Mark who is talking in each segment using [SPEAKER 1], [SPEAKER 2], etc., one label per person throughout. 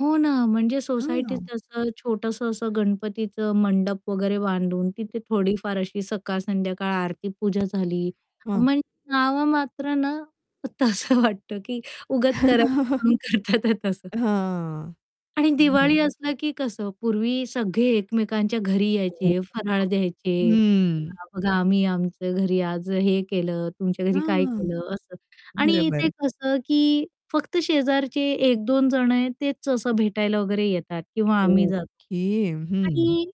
[SPEAKER 1] हो ना. म्हणजे
[SPEAKER 2] हां.
[SPEAKER 1] सोसायटीत असं छोटंसं असं गणपतीचं मंडप वगैरे बांधून तिथे थोडीफार अशी सकाळ, संध्याकाळ आरती पूजा झाली
[SPEAKER 2] हां.
[SPEAKER 1] म्हणजे नाममात्र ना तसं वाटतं की उगाच करायचं म्हणून करत आहेत तसं.
[SPEAKER 2] हां.
[SPEAKER 1] आणि
[SPEAKER 2] बरं.
[SPEAKER 1] दिवाळी असला की कसं पूर्वी सगळे एकमेकांच्या घरी
[SPEAKER 2] हो.
[SPEAKER 1] यायचे, फराळ
[SPEAKER 2] हां.
[SPEAKER 1] द्यायचे,
[SPEAKER 2] हम्म.
[SPEAKER 1] [unintelligible] बघा आम्ही आमचं घरी आज हे केलं, तुमच्या घरी काय
[SPEAKER 2] हां,
[SPEAKER 1] केलं? असं आणि इथे
[SPEAKER 2] बरोबर.
[SPEAKER 1] कसं, की फक्त शेजारचे 1-2 जण आहेत, तेच असं भेटायला वगैरे येतात किंवा आम्ही जातो.
[SPEAKER 2] ओके. हं
[SPEAKER 1] आणि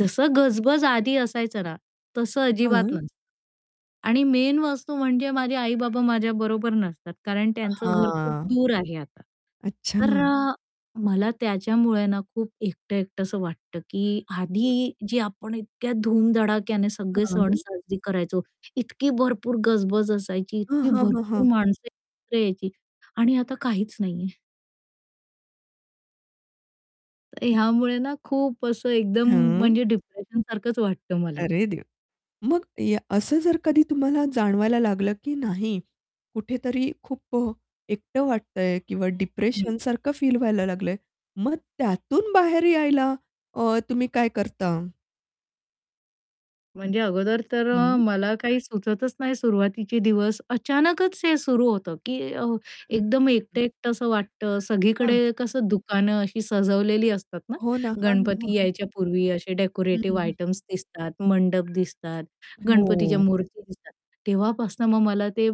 [SPEAKER 1] जसं गजबज आधी असायचं ना, तसं अजिबात
[SPEAKER 2] हां.
[SPEAKER 1] नसतं. आणि मेन वस्तू म्हणजे माझे आई-बाबा माझ्याबरोबर नसतात. कारण त्यांचं घर खूप
[SPEAKER 2] हां.
[SPEAKER 1] दूर आहे आता. तर
[SPEAKER 2] अच्छा.
[SPEAKER 1] अ, मला त्याच्यामुळे ना खूप एकटं-एकट असं वाटतं, की आधी जी आपण इतक्या धूमधडाक्याने सगळे सण
[SPEAKER 2] हां.
[SPEAKER 1] साजरे करायचो, इतकी भरपूर गजबज असायची,
[SPEAKER 2] हां,
[SPEAKER 1] इतकी
[SPEAKER 2] हां, हां, हां.
[SPEAKER 1] भरपूर माणसं एकत्र यायची आणि आता काहीच नाही आहे. तर ह्यामुळे ना खूप असं एकदम
[SPEAKER 2] हां.
[SPEAKER 1] म्हणजे डिप्रेशनसारखच वाटतं मला.
[SPEAKER 2] अरे देवा! मग या असं जर कधी तुम्हाला जाणवायला लागलं, की नाही कुठेतरी खूप अ, एकटं वाटतंय किंवा
[SPEAKER 1] हं.
[SPEAKER 2] डिप्रेशनसारखं फील व्हायला लागलंय, मग त्यातून बाहेर यायला अ, तुम्ही काय करता?
[SPEAKER 1] म्हणजे अगोदर तर
[SPEAKER 2] हं.
[SPEAKER 1] मला काही सुचतच नाही सुरुवातीचे दिवस. अचानकच ते सुरू होतं, की अ, एकदम
[SPEAKER 2] [unintelligible]
[SPEAKER 1] एकटं-एकटं असं वाटतं,
[SPEAKER 2] हां.
[SPEAKER 1] सगळीकडे कसं दुकानं अशी सजवलेली असतात ना,
[SPEAKER 2] हो ना. हां, हां, हां,
[SPEAKER 1] गणपती
[SPEAKER 2] हां.
[SPEAKER 1] यायच्या पूर्वी असे
[SPEAKER 2] हं, हं,
[SPEAKER 1] डेकोरेटिव्ह
[SPEAKER 2] हं.
[SPEAKER 1] आयटेम्स दिसतात, मंडप दिसतात, गणपतीच्या
[SPEAKER 2] हो.
[SPEAKER 1] मूर्ती दिसतात. तेव्हापासून मग मला ते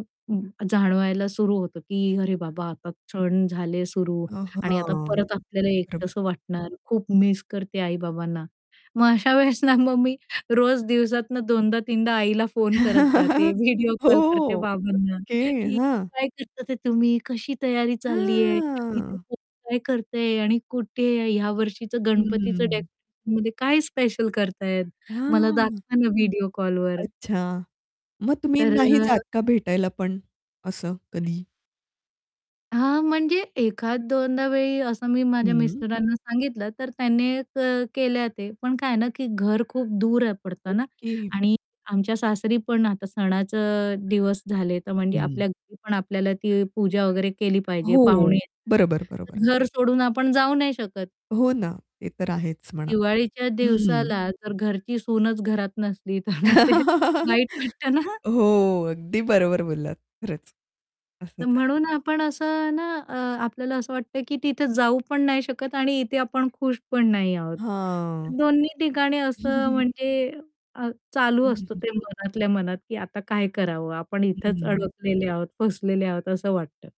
[SPEAKER 1] जाणवायला सुरू होतं, की अरे बाबा आता क्षण झाले सुरू
[SPEAKER 2] अ,
[SPEAKER 1] आणि आता
[SPEAKER 2] हां.
[SPEAKER 1] परत आपल्याला
[SPEAKER 2] बरोबर.
[SPEAKER 1] एकटसं वाटणार, खूप मिस करते आई-बाबांना. मग अशा वेळेस ना, मग मी रोज दिवसातून दोनदा-तीनदा आईला फोन करत जाते, व्हिडिओ
[SPEAKER 2] हो.
[SPEAKER 1] कॉल करते बाबांना,
[SPEAKER 2] ओके,
[SPEAKER 1] की
[SPEAKER 2] हां.
[SPEAKER 1] काय करत आहेत तुम्ही, कशी तयारी चालली आहे
[SPEAKER 2] हां.
[SPEAKER 1] [unintelligible] काय करतेय आणि कुठे या वर्षीचं गणपतीचं
[SPEAKER 2] हम्म.
[SPEAKER 1] डेकोरेशनमध्ये काय स्पेशल करताहेत? मला
[SPEAKER 2] हां.
[SPEAKER 1] दाखवा ना व्हिडिओ कॉलवर.
[SPEAKER 2] अच्छा. मग तुम्ही
[SPEAKER 1] तर
[SPEAKER 2] नाही जात का भेटायला पण असं कधी?
[SPEAKER 1] हां, म्हणजे एखाद-दोनदा वेळी असं मी माझ्या
[SPEAKER 2] हं.
[SPEAKER 1] मिस्टरांना सांगितलं, तर त्यांनी क केले ते, पण काय आहे ना, की घर खूप दूर आहे पडतं ना
[SPEAKER 2] ओके.
[SPEAKER 1] आणि आमच्या सासरीपण आता सणाचं दिवस झाले. तर म्हणजे
[SPEAKER 2] हं.
[SPEAKER 1] आपल्या घरीपण आपल्याला ती पूजा वगैरे केली पाहिजे पाहुणे
[SPEAKER 2] हो. बरोबर, बरोबर.
[SPEAKER 1] [unintelligible] घर सोडून आपण जाऊ नाही शकत.
[SPEAKER 2] हो ना. ते तर आहेच म्हणा.
[SPEAKER 1] दिवाळीच्या
[SPEAKER 2] हं.
[SPEAKER 1] दिवसाला जर घरची सूनच घरात नसली तर मग ते वाईट वाटतं ना
[SPEAKER 2] हो, अगदी बरोबर बोललात. खरंच
[SPEAKER 1] तर
[SPEAKER 2] असंच आहे.
[SPEAKER 1] म्हणून आपण असं ना, अ, आपल्याला असं वाटतं, की तिथे जाऊ पण नाही शकत आणि इथे आपण खुश पण नाही आहोत.
[SPEAKER 2] हां.
[SPEAKER 1] दोन्ही ठिकाणी असं म्हणजे अ, चालू असतं ते मनातल्या मनात, की आता काय करावं, आपण इथेच
[SPEAKER 2] हं.
[SPEAKER 1] अडकलेले आहोत, फसलेले आहोत असं वाटतं